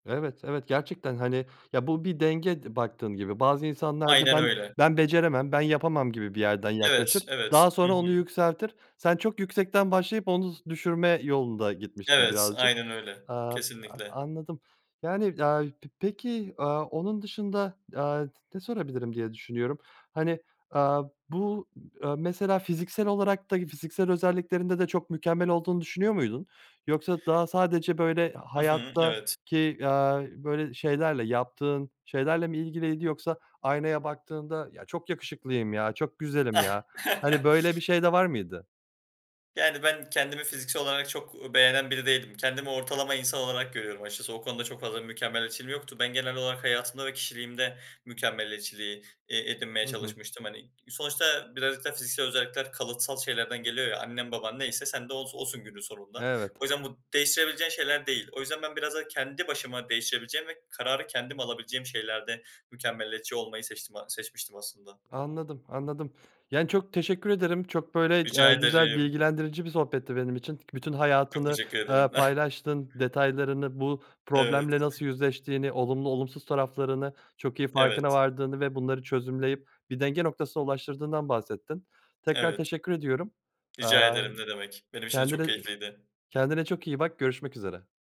Evet, evet gerçekten, hani, ya, bu bir denge d baktığın gibi. Bazı insanlar da Aynen ben öyle. ben beceremem, ben yapamam gibi bir yerden Evet, yaklaşır, daha evet. Hı sonra onu hı. yükseltir. Sen çok yüksekten başlayıp onu z düşürme yolunda gitmişsin Evet, birazcık. aynen öyle. Aaa, a Kesinlikle. anladım. Yani, aaa, p peki, aaa, onun dışında, aaa, t ne sorabilirim diye düşünüyorum. Hani, aaa, bu, ııı, mesela fiziksel olarak da fiziksel özelliklerinde de çok mükemmel olduğunu düşünüyor muydun? Yoksa daha sadece, böyle, Hı hı, evet. hayattaki, aaa, böyle, şeylerle, yaptığın şeylerle mi ilgiliydi yoksa aynaya baktığında, "Ya, çok yakışıklıyım ya. Çok güzelim ya." Hani, böyle bir şey de var mıydı? Yani, ben kendimi fiziksel olarak çok, u beğenen biri değilim. Kendimi ortalama insan olarak görüyorum açıkçası. O konuda çok fazla bir mükemmeliyetçiliğim yoktu. Ben genel olarak hayatımda ve kişiliğimde mükemmeliyetçiliği, eee, edinmeye Hı hı. çalışmıştım, hani. Sonuçta birazcık da fiziksel özellikler kalıtsal şeylerden geliyor ya. Annen baban neyse sen de os osun günün sonunda. Evet. O yüzden bu değiştirebileceğin şeyler değil. O yüzden ben biraz daha kendi başıma değiştirebileceğim ve kararı kendim alabileceğim şeylerde mükemmeliyetçi olmayı seçtim a seçmiştim aslında. Anladım, anladım. Yani, çok teşekkür ederim. Çok böyle, Rica aaa, güzel ederim. bilgilendirici bir sohbetti benim için. Bütün Çok hayatını, teşekkür eee, ederim. paylaştın detaylarını, bu Evet. problemle nasıl yüzleştiğini, olumlu olumsuz taraflarını çok iyi farkına Evet vardığını ve bunları çözümleyip bir denge noktasına ulaştırdığından bahsettin. Tekrar Evet. teşekkür ediyorum. Rica Aaa, ımm, ederim, ne demek. Benim için de kendine çok e keyifliydi. kendine çok iyi bak, görüşmek üzere.